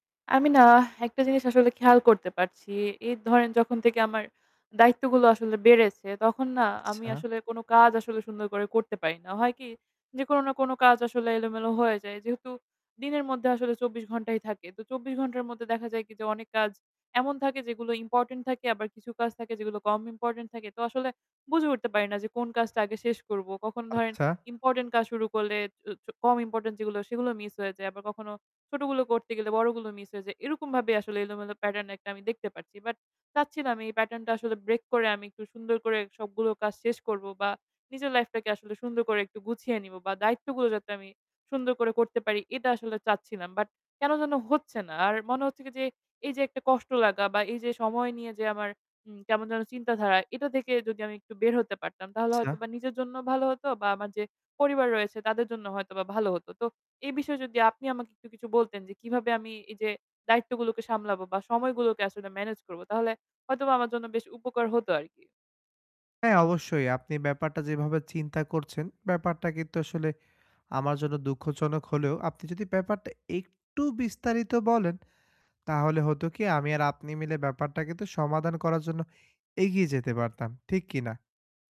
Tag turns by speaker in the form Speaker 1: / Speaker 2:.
Speaker 1: আমি না একটা জিনিস আসলে খেয়াল করতে পারছি। এই ধরেন যখন থেকে আমার দায়িত্বগুলো আসলে বেড়েছে। তখন না আমি
Speaker 2: আচ্ছা।
Speaker 1: আসলে কোন কাজ আসলে সুন্দর করে করতে পারি না। হয় কি? যে কোন না কোন কাজ আসলে এলোমেলো হয়ে যায়। যেহেতু দিনের মধ্যে আসলে ২৪ ঘন্টাই থাকে। তো ২৪ ঘন্টার মধ্যে দেখা যায় কি যে অনেক কাজ এমন থাকে যেগুলো ইম্পোর্টেন্ট থাকে আবার কিছু কাজ থাকে যেগুলো কম ইম্পোর্টেন্ট থাকে। তো আসলে বুঝে উঠতে পারি না যে কোন কাজটা আগে শেষ করবো? কখন ধরেন
Speaker 2: আচ্ছা।
Speaker 1: ইম্পোর্টেন্ট কাজ শুরু করলে চ চ কম ইম্পোর্টেন্ট যেগুলো সেগুলো মিস হয়ে যায়। আবার কখনো ছোটগুলো করতে গেলে বড়গুলো মিস হয়ে যায়। এরকম ভাবেই আসলে এলোমেলো প্যাটার্ন আমি দেখতে পারছি। বাট চাচ্ছি না আমি এই প্যাটার্ন টা আসলে ব্রেক করে আমি একটু সুন্দর করে সবগুলো কাজ শেষ করব বা নিজের লাইফ টাকে আসলে সুন্দর করে একটু গুছিয়ে নিব, বা দায়িত্বগুলো যাতে আমি সুন্দর করে করতে পারি এটা আসলে চাচ্ছিলাম। বাট কেন যেন হচ্ছে না। আর মনে হচ্ছে কি যে, এই যে একটা কষ্ট লাগা বা এই যে সময় নিয়ে যে আমার, উম কেমন যেন চিন্তাধারা এটা থেকে যদি আমি একটু বের হতে পারতাম, তাহলে
Speaker 2: আচ্ছা।
Speaker 1: হয়তো বা নিজের জন্য ভালো হতো বা আমার যে পরিবার রয়েছে, তাদের জন্য হয়তো বা ভালো হত। তো এই বিষয়ে যদি আপনি আমাকে একটু কিছু বলতেন, যে কিভাবে আমি এই যে দায়িত্বগুলোকে সামলাবো বা সময়গুলোকে আসলে ম্যানেজ করব? তাহলে হয়তোবা আমার জন্য বেশ উপকার হতো আরকি।
Speaker 2: হ্যাঁ, অবশ্যই আপনি ব্যাপারটা যেভাবে চিন্তা করছেন। ব্যাপারটা কিন্তু আসলে আমার জন্য দুঃখজনক হলেও, আপনি যদি ব্যাপারটা একটু বিস্তারিত বলেন, তাহলে হতো কি আমি আর আপনি মিলে ব্যাপারটা কিন্তু সমাধান করার জন্য এগিয়ে যেতে পারতাম। ঠিক কিনা?